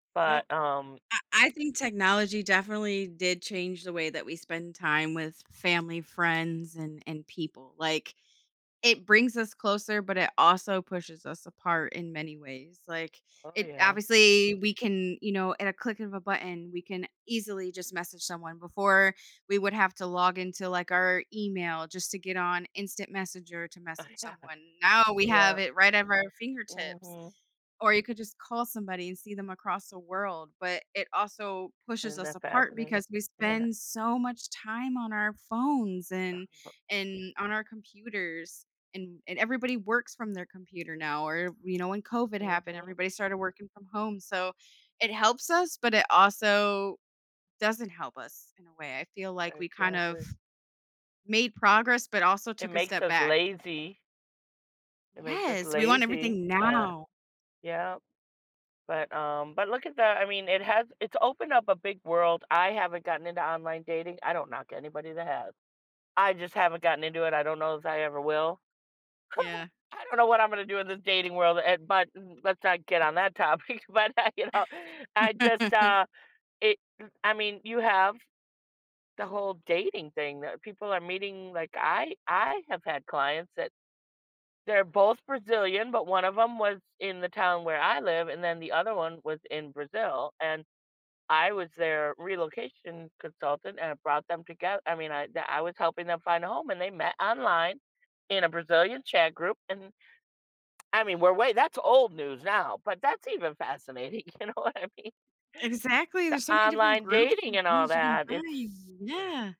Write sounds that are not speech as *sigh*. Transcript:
Yep, But, um I I think technology definitely did change the way that we spend time with family, friends, and and people, like, it brings us closer, but it also pushes us apart in many ways, like, Oh, it yeah. obviously we can, you know, at a click of a button, we can easily just message someone. Before we would have to log into, like, our email just to get on instant messenger to Uh, message yeah, someone. Now we yeah. have it right at our fingertips, Mhm. or you could just call somebody, and see them across the world, but it also pushes Isn't us that apart, fascinating? because we Yeah. spend so much time on our phones, and and on our computers, and and everybody works from their computer now, or you know, when COVID happened, Mhm. everybody started working from home, so, it helps us, but it also doesn't help us in a way. I feel like, we kind of Exactly. made progress, but also It took a makes step us back. lazy. It makes us Yes, we want lazy, everything but, now. yeah, but um, but look at that, I mean, it has it's opened up a big world. I haven't gotten into online dating, I don't knock anybody that has, I just haven't gotten into it, I don't know if I ever will. *chuckles* Yeah. I don't know what I'm gonna do in this dating world, eh, but m let's not get on that topic, but I you know, I just, uh, *chuckles* it I mean, you have the whole dating thing that people are meeting, like, I I have had clients that they're both Brazilian, but one of them was in the town where I live, and then the other one was in Brazil, and I was their relocation consultant, and I brought them togeth I mean, I d I was helping them find a home, and they met online in a Brazilian chat group, and I mean, we're way that's old news now, but that's even fascinating, you know what I mean. Exactly, The there's so many different online groups dating and and all things you can that, find, it's yeah.